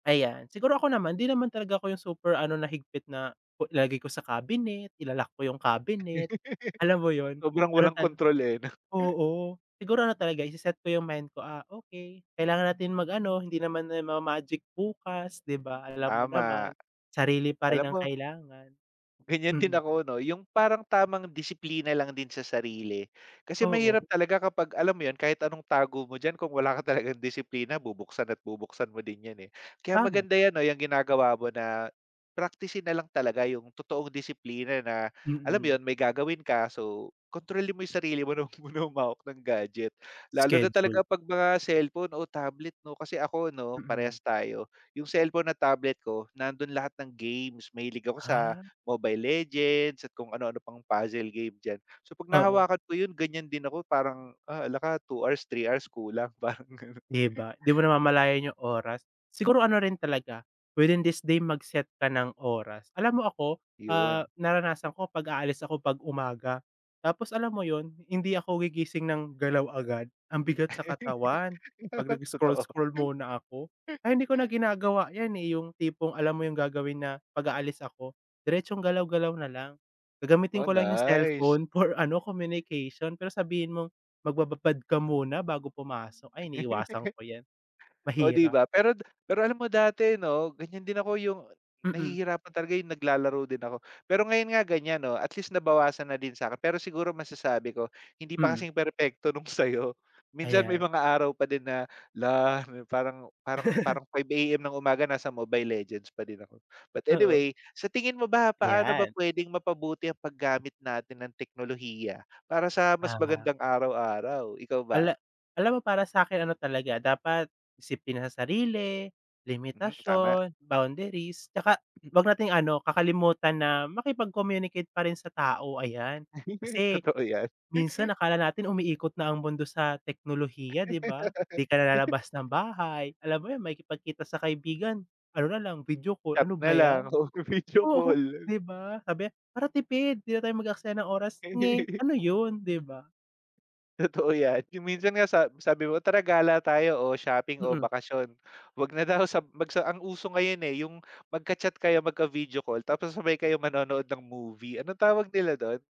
Ayan, siguro ako naman, hindi naman talaga ako yung super ano na higpit na ilalagay ko sa cabinet, ila-lock ko yung cabinet, alam mo ‘yon. Sobrang Ano walang tal kontrol eh, 'no. oo. Siguro ano talaga, ise-set ko yung mind ko, ah, okey kailangan natin mag-ano, hindi naman na ma-magic bukas, 'di ba. Alam mo Tama, naman, sarili pa alam rin ang mo kailangan. Ganiyan din Mm. ako 'no, yung parang tamang disiplina lang din sa sarili kasi mahirap Oo. talaga kapag alam mo yun, kahit anong tago mo diyan kung wala ka talagang disiplina bubuksan at bubuksan mo din ‘yan, eh. Kaya Tama. maganda ‘yan 'no, ‘yang ginagawa mo na praktisin nalang talaga yung totoong disiplina na alam mo Mm. ‘yon, may gagawin ka, so kontrolin mo yung sarili mo na huwag muna humawak ng gadget. Lalo na talaga Schedule. ‘pag mga cellphone o tablet 'no, kasi ako ‘no, Mm. parehas tayo. Yung cellphone at tablet ko, nandun lahat ng games, mahilig ako sa Ah. Mobile Legends at kung ano-ano pang puzzle game diyan. So 'pag Oo. nahawakan ko yun, ganiyan din ako parang, ah, hala ka 2 hours, 3 hours kulang pa, yung gano’n. 'Di ba, ‘di mo namamalayan yung oras. Siguro ano rin talaga, within this day mag-set ka ng oras. Alam mo ako, ‘Yon. ah, naranasan ko 'pag aalis ako 'pag umaga, tapos alam mo ‘yon, hindi ako gigising ng galaw agad, ang bigat sa katawan. 'Pag Totoo. nag-scroll-scroll muna ako, kaya hindi ko na ginagawa ‘yan, eh, yung tipong alam mo yung gagawin na ‘pag aalis ako, diretsong galaw-galaw na lang. Gagamitin Oh, ko lang yung nice. cellphone for ano, communication, pero sabihin mong magbababad ka muna bago pumasok, ay iniiwasan ko ‘yan. Oh, 'di Mahirap. ba, pero d pero alam mo dati 'no, ganiyan din ako yung Mm. nahihirapan talaga, yung naglalaro din ako. Pero ngayon nga ganiyan 'no, at least nabawasan na din sa'kin pero siguro masasabi ko, hindi pa Mm. kasing perpekto nung sa'yo. Minsan may Ayan. mga araw pa din na, “Lah.” Parang parang parang 5 AM ng umaga nasa Mobile Legends pa din ako. But Oo. anyway, sa tingin mo ba, paano ba Ayan. pwedeng mapabuti ang paggamit natin ng teknolohiya para sa mas Ah. magandang araw-araw? Ikaw ba? Hala, alam mo para sa'kin ano talaga, dapat disiplina sa sarili, Hmm, tama. limitasyon, boundaries, tsaka huwag nating ano, kakalimutan na makipag-communicate pa rin sa tao, ayan. Kasi Totoo ‘yan. minsan akala natin umiikot na ang mundo sa teknolohiya, 'di ba. ‘Di ka na lalabas ng bahay, alam mo yun, makikipagkita sa kaibigan, ano nalang, video call, Chat ano na ba ‘yan. lang o video Oo, call. 'di ba, sabi para tipid ‘di na tayo mag-aksaya ng oras. Nge, ano yun, 'di ba. Totoo ‘yan. Yung minsan nga sa sabi mo, tara gala tayo o shopping o Mm. bakasyon. Huwag na daw, sa mag sa ang uso ngayon, eh, yung magka-chat kayo, magka-video call, tapos sabay kayo manonood ng movie. Anong tawag nila do’n?